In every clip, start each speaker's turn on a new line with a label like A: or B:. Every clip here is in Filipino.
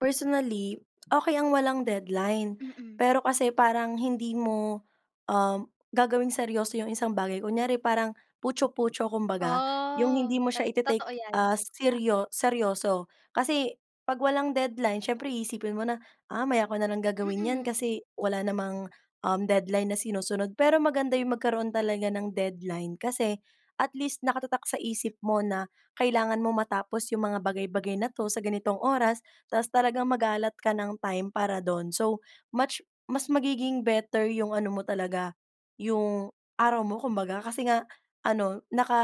A: Personally okey ang walang deadline.
B: Mm.
A: Pero kasi parang hindi mo, um, gagawing seryoso yung isang bagay kunyari parang puchu-puchu kumbaga, yung
B: Oh,
A: hindi mo siya
B: tot totoo
A: ite-take
B: iyan.
A: as
B: Ah
A: seryo seryoso kasi kapag walang deadline siyempre iisipin mo na, ah, maya ko nalang gagawin iyan
B: Mm.
A: kasi wala namang, um, deadline na sinusunod pero maganda yung magkaroon talaga ng deadline kasi, at least nakatatak sa isip mo na kailangan mong matapos yung mga bagay-bagay na ito sa ganitong oras. Tapos talagang mag-a-allot ka ng time para dun so much mas magiging better yung ano mo talaga, yung araw mo kumbaga kasi nga, ano, naka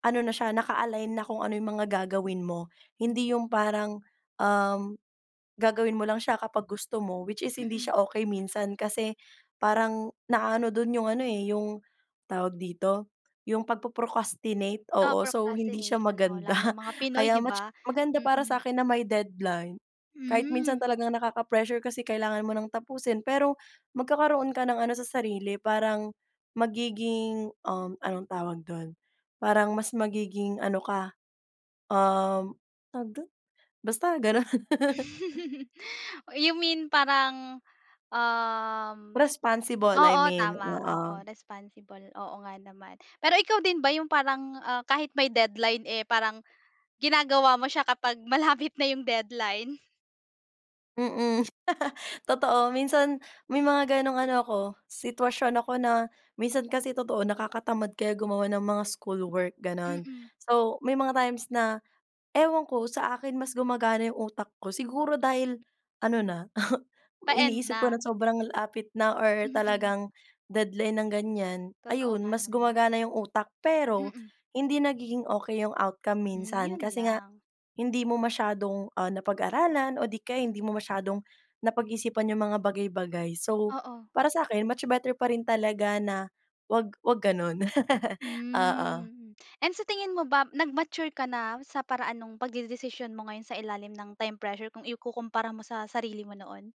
A: ano na siya naka-align na kung ano yung mga gagawin mo, hindi yung parang, um, gagawin mo lang siya kapag gusto mo which is hindi
B: Mm.
A: siya okey minsan kasi parang na-a-ano dun yung ano eh, yung tawag dito? Yung pag po-procrastinate,
B: O
A: oo so hindi siya
B: procrastination oh
A: maganda
B: lalong mga Pinoy
A: kaya
B: 'di
A: much
B: ba?
A: maganda para
B: Mm.
A: sa akin na may deadline kahit minsan
B: Mm.
A: talagang nakaka-pressure kasi kailangan mo ng tapusin pero magkakaroon ka ng ano sa sarili, parang, magiging, um, anong tawag dun, parang mas magiging ano ka, um, tawag dun? Basta ganun.
B: You mean parang, um
A: Responsible I
B: oo
A: mean,
B: tama, oo
A: oo.
B: responsible oo nga naman. Pero ikaw din ba yung parang, ah, kahit may deadline eh parang, ginagawa mo siya kapag malapit na yung deadline?
A: Mm, totoo minsan may mga ganung ano ako sitwasyon ako na minsan kasi totoo nakakatamad kaya gumawa ng mga schoolwork ganun.
B: Mm.
A: So may mga times na ewan ko sa akin mas gumagana yung utak ko siguro dahil ano na, may
B: Pa-end
A: iniisip ko
B: na?
A: ng sobrang lapit na or
B: Mhm.
A: talagang, deadline ng ganyan
B: Totoo
A: ayun
B: nga
A: mas
B: naman.
A: gumagana yung utak. Pero,
B: Mm.
A: hindi nagiging okey yung outcome
B: Hmm,
A: minsan
B: yun
A: kasi nga,
B: lang.
A: hindi mo masyadong, ah, napag-aralan o di kaya hindi mo masyadong napag-isipan yung mga bagay-bagay so
B: Oo.
A: para sa akin much better pa rin talaga na wag wag ganun. Oo.
B: Mm, and sa tingin mo ba nag-mature ka na sa paraan nung pagdedesisyon mo ngayon sa ilalim ng time pressure kung ikukumpara mo sa sarili mo noon?